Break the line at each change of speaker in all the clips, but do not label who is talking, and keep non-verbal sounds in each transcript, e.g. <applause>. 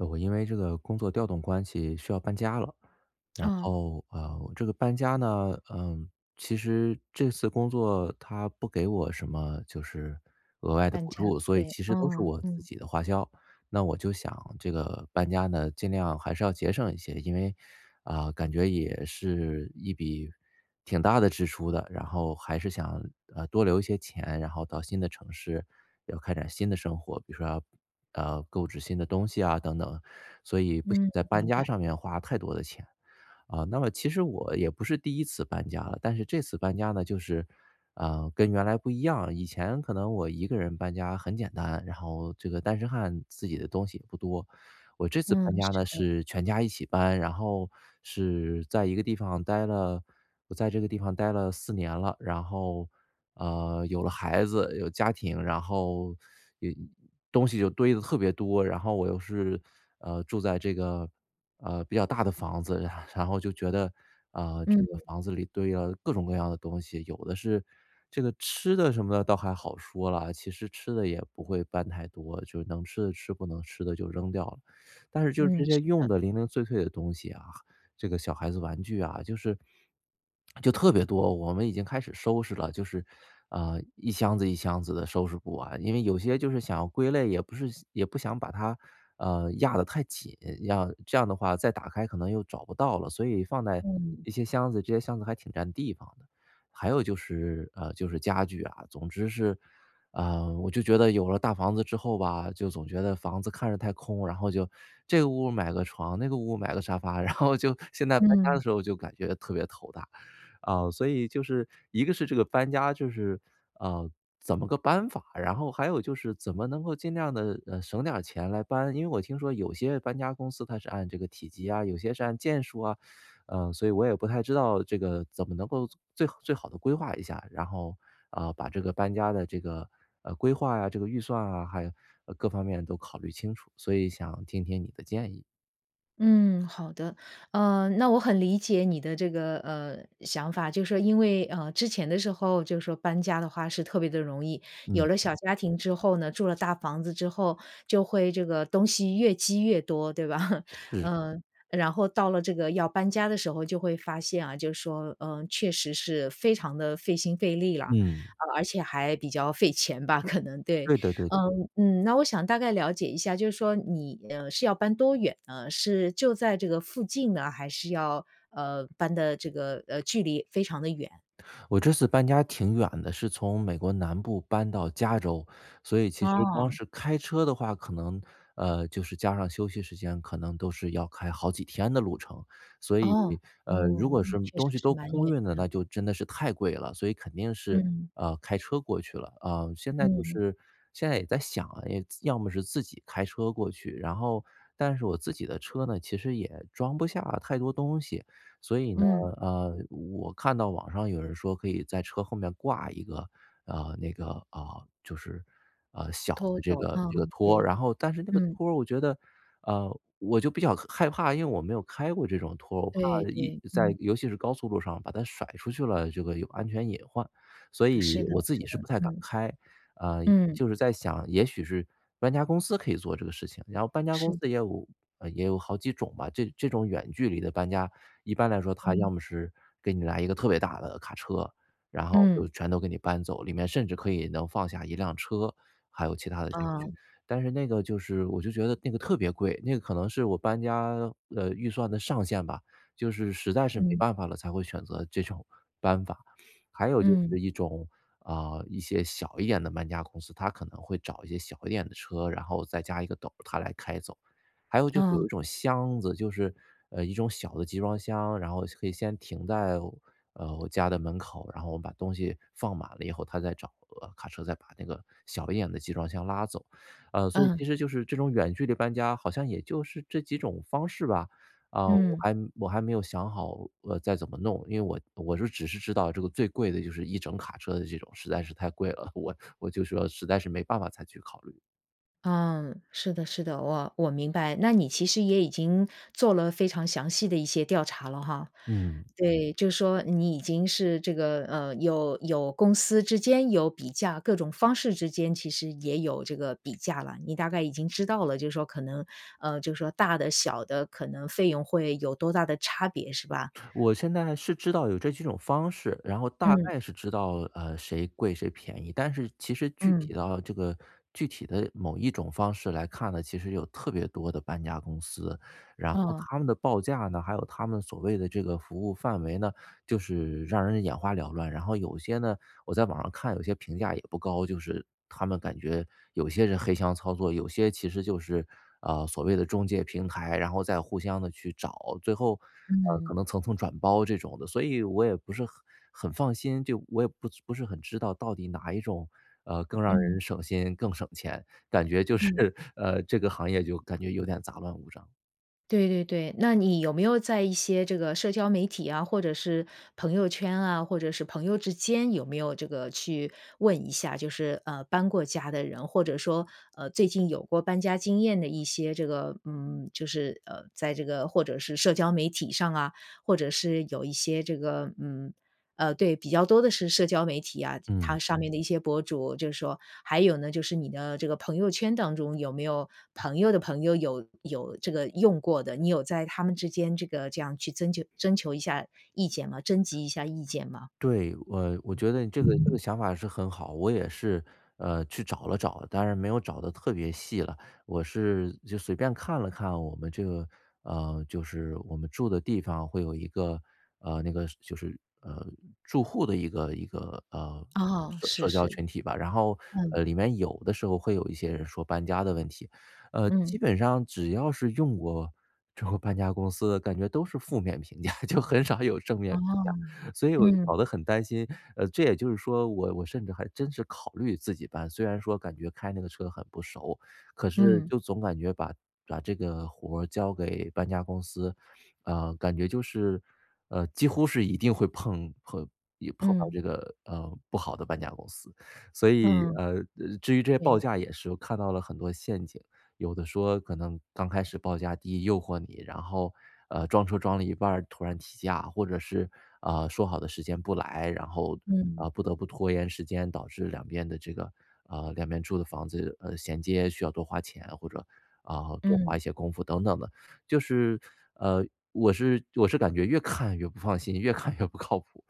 我我因为这个工作调动关系需要搬家了。然
嗯。
后，呃，这个搬家呢，嗯，其实这次工作它不给我什么就是额外的
搬
补
家
助，所以
费，
其实都是
嗯，
我自
嗯。
己的花销。那我就想这个搬家呢尽量还是要节省一些，因为，啊，感觉也是一笔挺大的支出的。然后还是想，呃，多留一些钱，然后到新的城市，要开展新的生活。比如说要，呃，购置新的东西啊等等，所以不想
嗯，
在搬
明
家
白。
上面花太多的钱。啊，那么其实我也不是第1次搬家了，但是这次搬家呢就是，呃，跟原来不一样。以前可能我一个人搬家很简单，然后这个单身汉自己的东西也不多。我这次搬
嗯，
家
是
呢
的。
是全家一起搬，然后是在一个地方待了我在这个地方待了4年了。然后，呃，有了孩子有家庭，然后 <sucks teeth> 有东西就堆得特别多。然后我又是，呃，住在这个，呃，比较大的房子，然后就觉得啊这个
嗯。
房子里堆了各种各样的东西。有的是这个吃的什么的倒还好说了，其实吃的也不会搬太多，就能吃的吃不能吃的就扔掉了。但是就这
嗯，
些
是
用
的。
的零零碎碎的东西啊，这个小孩子玩具啊，就是就特别多。我们已经开始收拾了，就是，呃，一箱子一箱子的收拾不完，因为有些就是想要归类也不是也不想把它，呃，压得太紧，样这样的话再打开可能又找不到了。所以放在
嗯。
一些箱子，这些箱子还挺占地方的。还有就是呃，就是家具啊，总之是，呃，我就觉得有了大房子之后吧，就总觉得房子看着太空，然后就这个屋买个床，那个屋买个沙发，然后就现在搬家的
嗯。
时候就感觉特别头大。啊，所以就是，一个是这个搬家就是，呃，怎么个搬法儿，然后还有就是怎么能够尽量地，嗯，省点儿钱来搬。因为我听说有些搬家公司它是按这个体积啊，有些是按件数啊，<sucks teeth> 呃，所以我也不太知道这个怎么能够最最好地规划一下。然后，呃，把这个搬家的这个，呃，规划呀，这个预算啊，还有各方面都考虑清楚，所以想听听你的建议。
嗯，好的，呃，那我很理解你的这个，呃，想法，就是说因为，呃，之前的时候就说搬家的话是特别地容易，有
嗯。
了小家庭之后呢，住了大房子之后，就会这个东西越积越多，对吧，<laughs>
是。
嗯，然后到了这个要搬家的时候就会发现啊，就说，呃，确实是非常地费心费力啦。
嗯。
呃，而且还比较费钱吧，可能，对。
对的对的。
嗯嗯，那我想大概了解一下，就是说你，呃，是要搬多远呢？是就在这个附近呢，还是要，呃，搬的这个，呃，距离非常地远？
我这次搬家挺远的，是从美国南部搬到加州，所以其实光
哦。
是开车的话可能呃，就是加上休息时间可能都是要开好几天的路程，所以，
哦，
呃，如
哦，
果
那
是
确实
东西
是
都
蛮
空
远
运了，
的。
那就真的是太贵了，所以肯定是，
嗯。
呃，开车过去了，呃，现在就
嗯。
是现在也在想啊，自要么是自己开车过去，然后但是我自己的车呢，其实也装不下太多东西。所以呢，
嗯。
呃，我看到网上有人说可以在车后面挂一个，啊，那个啊，就是，啊，小
拖
的这
走，
个
啊，
这个拖儿，
对，
然后但是那个
嗯。
拖儿我觉得呃，我就比较害怕，因为我没有开过这种拖，我怕
对
一
对，
在
嗯。
尤其是高速路上把它甩出去了，这个有安全隐患，所
是
以
的
我自
是
己是
的，
不太敢
嗯。
开。呃，
嗯。
就是在想，也许是搬家公司可以做这个事情，然后搬家
是
公
的。
司也有也有好几种吧，这这种远距离的搬家，一般来说它要
嗯。
么是给你来一个特别大的卡车，然后就
嗯。
全都给你搬走，里面甚至可以能放下一辆车，还有其他的家具，
哦。
但是那个就是我就觉得那个特别贵，那个可能是我搬家的预算的上限吧，就是实在是没
嗯。
办法了才会选择这种搬法。还有就
嗯。
是一种啊，一些小一点的搬家公司，它可能会找一些小一点的车，然后再加一个斗，他来开走。还有就是有
嗯。
一种箱子，就是，呃，一种小的集装箱，然后可以先停在，呃，我家的门口，然后我把东西放满了以后他再找了卡车再把那个小一点的集装箱拉走，啊，所以其
嗯。
实就是这种远距离搬家好像也就是这几种方式吧，啊，我
嗯。
还我还没有想好，呃，再怎么弄，因为我我是只是知道这个最贵的就是一整卡车的这种，实在是太贵了，我我就说实在是没办法再去考虑。
嗯，是的是的。我我明白，那你其实也已经做了非常详细的一些调查了哈。
嗯。
对，就说你已经是这个，呃，有有公司之间有比价，各种方式之间其实也有这个比价了。你大概已经知道了，就说可能，呃，就说大的小的可能费用会有多大的差别是吧？
我现在是知道有这几种方式，然后大
嗯。
概是知道，呃，谁贵谁便宜。但是其实具
嗯。
体到这个具体的某一种方式来看呢，其实有特别多的搬家公司。然后
哦。
他们的报价呢，还有他们所谓的这个服务范围呢，就是让人眼花缭乱。然后有些呢，我在网上看有些评价也不高就是他们感觉有些人黑箱操作，有些其实就是，呃，所谓的中介平台，然后再互相地去找，最后，呃，可
嗯。
能层层转包这种的，所以我也不是很很放心。就我也不不是很知道到底哪一种，呃，更让
嗯。
人省心、更省钱，感觉就是，
嗯。
呃，这个行业就感觉有点杂乱无章。
对对对。那你有没有在一些这个社交媒体啊，或者是朋友圈啊，或者是朋友之间有没有这个去问一下，就是，呃，搬过家的人，或者说，呃，最近有过搬家经验的一些这个嗯，就是呃，在这个或者是社交媒体上啊，或者是有一些这个嗯，呃对，比较多的是社交媒体啊，
嗯。
它上面的一些博主。就是说，还有呢，就是你的这个朋友圈当中有没有朋友的朋友有有这个用过的，你有在他们之间这个这样去增求征求一下意见吗征集一下意见吗？
对，我我觉得这个这个想法是很好。我也是，呃，去找了找了，当然没有找得特别细了。我是就随便看了看我们这个呃，就是我们住的地方会有一个，呃，那个是就是，呃，住户的一个一个，呃
哦，
社
是
社交
是。
群体吧。然后，
嗯。
呃，里面有的时候会有一些人说搬家的问题。呃，
嗯。
基本上只要是用过这个搬家公司的感觉都是负面评价，<chuckles> 就很少有正面
哦，
评价。所以我就
嗯。
搞得很担心，呃这也就是说我我甚至还真是考虑自己搬。虽然说感觉开那个车很不熟，可是
嗯。
就总感觉把把这个活交给搬家公司，啊，感觉就是，呃，几乎是一定会碰碰也碰到
嗯。
这个，呃，不好的搬家公司。所以，
嗯，
呃，呃，至于这些报
对。
价，也是我看到了很多陷阱。有的说可能刚开始报价低诱惑你，然后，呃，装车装了一半儿突然提价。或者是，啊，说好的时间不来，然后，
嗯。
啊，不得不拖延时间，导致两边的这个，呃，两边住的房子，呃衔接需要多花钱，或者啊，多花
嗯。
一些功夫等等的。就是，呃，我是我是感觉越看越不放心，越看越不靠谱。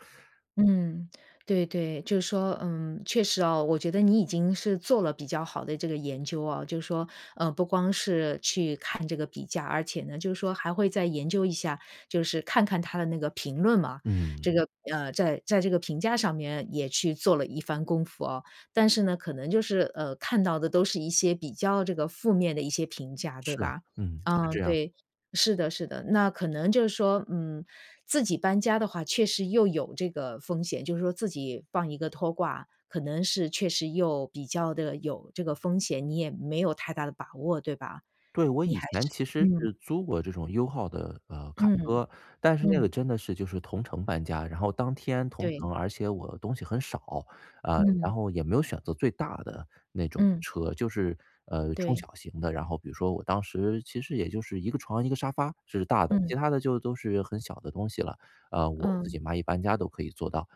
嗯，对对，就是说嗯，确实啊，我觉得你已经是做了比较好的这个研究啊，就说，呃，不光是去看这个比价，而且呢，就是说还会再研究一下，就是看看它的那个评论嘛。
嗯。
这个呃，在在这个评价上面也去做了一番功夫啊。但是呢，可能就是呃，看到的都是一些比较这个负面的一些评价，对
是啊，
吧？
嗯，是
嗯，
这样。
对，是的是的。那可能就是说，嗯，自己搬家的话确实又有这个风险。就是说自己放一个拖挂，可能是确实又比较地有这个风险，你也没有太大的把握，对吧？
对，我
你
以
还
前
是
其实
嗯。
是租过这种 U-Haul 的，呃，卡
嗯，
车，但是那个
嗯。
真的是就是同城搬家。然后当天同
对。
城，而且我的东西很少，啊，
嗯。
然后也没有选择最大的那种
嗯。
车，就是，呃，中
对。
小型的。然后比如说我当时其实也就是一个床一个沙发是大的，其
嗯。
它的就都是很小的东西了。呃，我自
嗯。
己嘛一搬家都可以做到。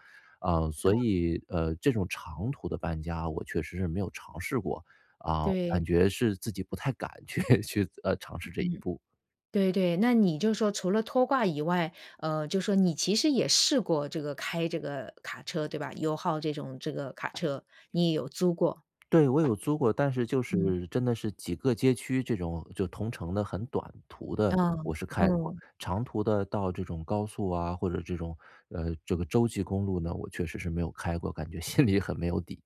呃，所
哦。
以，呃，这种长途的搬家我确实是没有尝试过，啊，
对。
感觉是自己不太敢去去呃，尝试这一
嗯，
步。
对对。那你就说除了拖挂以外，呃，就说你其实也试过这个开这个卡车，对吧？U-Haul 这种这个卡车，你也有租过。
对，我有租过，但是就
嗯。
是真的是几个街区这种，就同城的很短途的，
嗯，
我是开过。
嗯。
长途的到这种高速啊，或者这种，呃，这个州际公路呢，我确实是没有开过，感觉心里很没有底。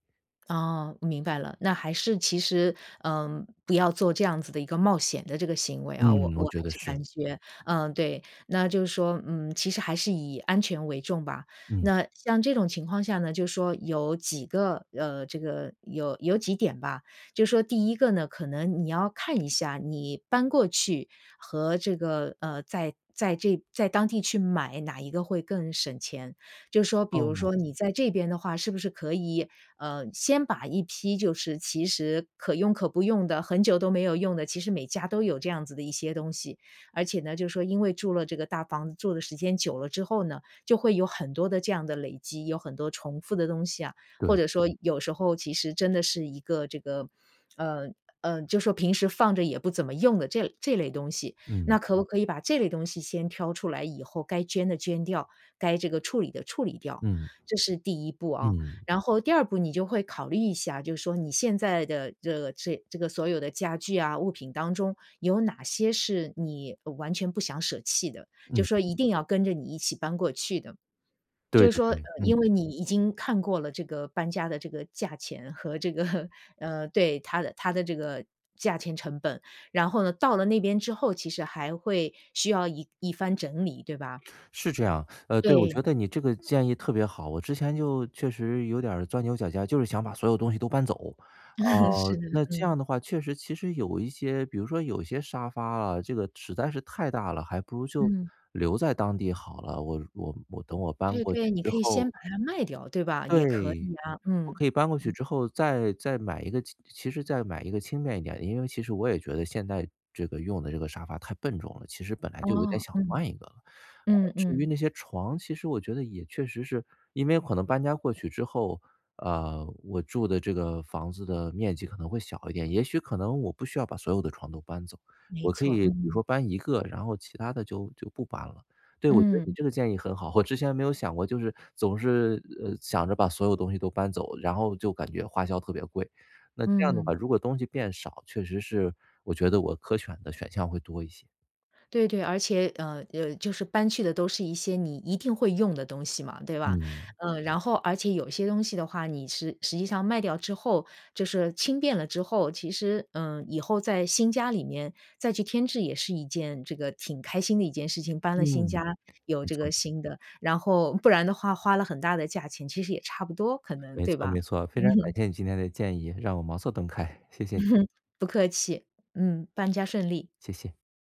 哦，明白了。那还是其实，呃，不要做这样子的一个冒险的这个行为啊。我
嗯，
我
我觉
还
得
是
是。
感觉，嗯，对，那就是说，嗯，其实还是以安全为重吧。
嗯。
那像这种情况下呢，就说有几个，呃，这个有有几点吧，就说第一个呢，可能你要看一下你搬过去和这个，呃，在在这在当地去买，哪一个会更省钱。就说比如
哦。
说你在这边的话是不是可以，呃，先把一批就是其实可用可不用的，很久都没有用的，其实每家都有这样子的一些东西。而且呢，就是说因为住了这个大房子住的时间久了之后呢，就会有很多的这样的累积，有很多重复的东西啊，或
对。
者说有时候其实真的是一个这个，呃，呃，就说平时放着也不怎么用的这这类东西。
嗯。
那可不可以把这类东西先挑出来以后该捐的捐掉，该这个处理的处理掉，
嗯。
这是第一步啊。
嗯。
然后第二步你就会考虑一下，就是说你现在的这这个这个所有的家具啊，物品当中有哪些是你完全不想舍弃的，就
嗯。
说一定要跟着你一起搬过去的。就
对
是
对
说，呃，
对，嗯。
因为你已经看过了这个搬家的这个价钱和这个，呃，对，它的它的这个价钱成本，然后呢，到了那边之后，其实还会需要一一番整理，对吧？
是这样，呃，对，我
对。
觉得你这个建议特别好。我之前就确实有点儿钻牛角尖儿，就是想把所有东西都搬走。啊，
嗯，是，
那这
嗯。
样的话确实其实有一些比如说有一些沙发啊，这个实在是太大了，还不如就
嗯。
留在当地好了。我我我等我搬
对
过去
对，你
之
可以
后
先把它卖掉，对吧？也可
对，
以啊，
我
嗯，
可以搬过去
嗯。
之后再再买一个其实再买一个轻便一点的。因为其实我也觉得现在这个用的这个沙发太笨重了，其实本来就有点
哦，
想
嗯。
换一个了。呃，
嗯
至于
嗯。
那些床其实我觉得也确实是因为可能搬家过去之后，呃，我住的这个房子的面积可能会小一点。也许可能我不需要把所有的床都搬走，
没
我可
错，
以比如
嗯。
说搬1个，然后其它的就就不搬了。对，我觉得你
嗯。
这个建议很好，我之前没有想过就是总是，呃，想着把所有东西都搬走，然后就感觉花销特别贵，那这样的话
嗯。
如果东西变少，确实是我觉得我可选的选项会多一些。
对对，而且，呃，呃，就是搬去的都是一些你一定会用的东西嘛，对吧？
嗯。
呃，然后而且有些东西的话，你是实际上卖掉之后，就是轻便了之后，其实，呃，以后在新家里面再去添置也是一件这个挺开心的一件事情。搬了新家
嗯，
有
没
这
错。
个新的，然后不然的话花了很大的价钱，其实也差不多可能，
没
对
错，
吧？
没错，非常感
<laughs>
谢你今天的建议，让我茅塞顿开，谢谢你。
不客气，嗯，搬家顺利。
谢谢。